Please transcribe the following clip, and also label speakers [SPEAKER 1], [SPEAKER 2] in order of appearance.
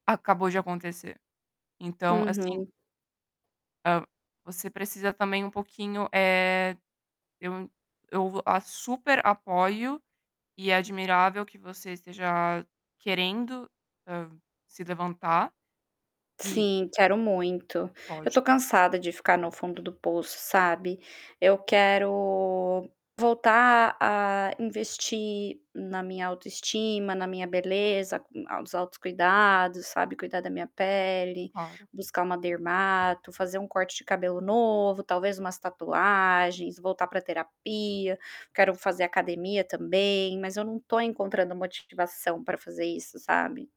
[SPEAKER 1] Acabou de acontecer. Então, assim
[SPEAKER 2] Uhum.
[SPEAKER 1] Eh você precisa também um pouquinho, eh, eu eu vou a super apoio e é admirável que você esteja querendo, hã, se levantar, e
[SPEAKER 2] Sim, quero muito. Eu estou
[SPEAKER 1] Lógico.
[SPEAKER 2] cansada de ficar no fundo do poço, sabe. Eu quero voltar a investir na minha autoestima, na minha beleza, com a os autocuidados, sabe, cuidar da minha pele,
[SPEAKER 1] Claro.
[SPEAKER 2] buscar uma dermato, fazer um corte de cabelo novo, talvez umas tatuagens, voltar para terapia, quero fazer academia também, mas eu não estou encontrando motivação para fazer isso, sabe?